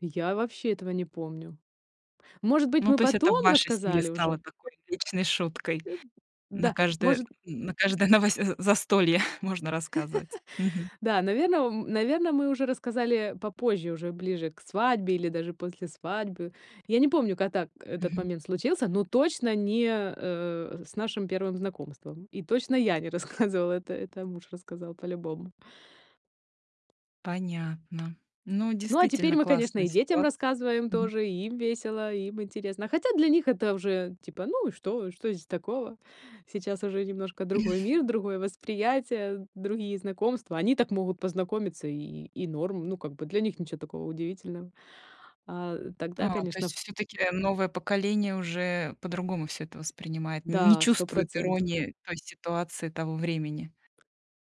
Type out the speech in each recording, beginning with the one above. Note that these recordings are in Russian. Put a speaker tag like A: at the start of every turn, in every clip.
A: Я вообще этого не помню. Может быть,
B: Ну,
A: мы
B: то есть это в
A: потом
B: вашей семье
A: рассказали
B: стало
A: уже?
B: такой личной шуткой:
A: Э, б
B: на
A: Да,
B: каждое,
A: может.
B: н на каждое новось э, застолье можно рассказывать. Мгм.
A: Да, наверно, ом, наверно, мы уже рассказали, э, попозже, уже ближе к свадьбе или даже после свадьбы. Я не помню, ка так когда
B: Мгм.
A: момент случился, но точно не, э, э, э, с нашим первым знакомством, и точно я не рассказывала. Это это муж рассказал по-любому.
B: Понятно. Ну,
A: Ну, а теперь
B: действительно
A: мы, конечно,
B: классная
A: и детям
B: ситуация.
A: рассказываем
B: Мгм.
A: тоже, и им весело, и им интересно. Хотя для них это уже, типа: "Ну и что? Что здесь такого?" Сейчас уже немножко другой мир, другое восприятие, другие знакомства. Они так могут познакомиться, и и и норм. Ну, как бы, для них ничё такого удивительного. А, э, тогда,
B: А, то
A: конечно,
B: есть,
A: ф т
B: всё-таки, э, новое поколение уже по-другому всё это воспринимает, нь не
A: Да,
B: чувствует
A: 100 %.
B: иронии той ситуации того времени?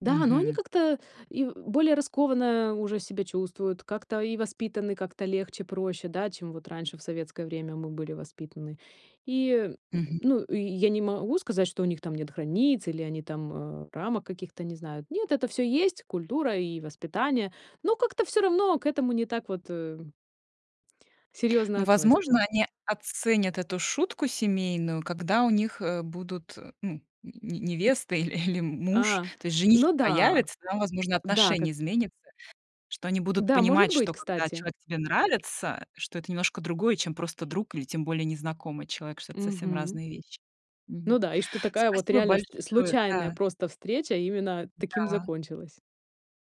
A: Да, но они
B: Мгм.
A: как-то и в более раскованно уже себя чувствуют, как-то и воспитаны как-то легче, проще, да, чем вот раньше, в советское время, мы были воспитаны. И, э, м, м,
B: Мгм.
A: ну, и и я не могу сказать, что у них там нет границ, или они там, э, рамок каких-то, не знаю. Нет, это всё есть культура и воспитание, но как-то всё равно к этому не так вот, эм серьёзно
B: Ну,
A: относятся.
B: возможно, они оценят эту шутку семейную, когда у них, э, будут, э, ну, нь не невеста, иль или, м м муж.
A: А,
B: То есть женихи
A: ну да,
B: появятся, там, возможно,
A: м-да, как
B: отношение изменится, что они будут
A: Да,
B: понимать,
A: быть,
B: что, когда
A: кстати.
B: человек тебе нравится, что это немножко другое, чем просто друг или, тем более, незнакомый человек. Что это совсем
A: Мгм.
B: разные вещи. Мгм.
A: Ну да, и что такая вот
B: Спасибо
A: реально вст
B: большое,
A: случайная
B: да.
A: просто встреча именно таким
B: М-да.
A: закончилась.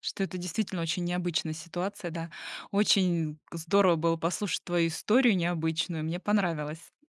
B: Что это действительно очень необычная ситуация. Да, очень к здорово было послушать твою историю необычную, мне понравилось.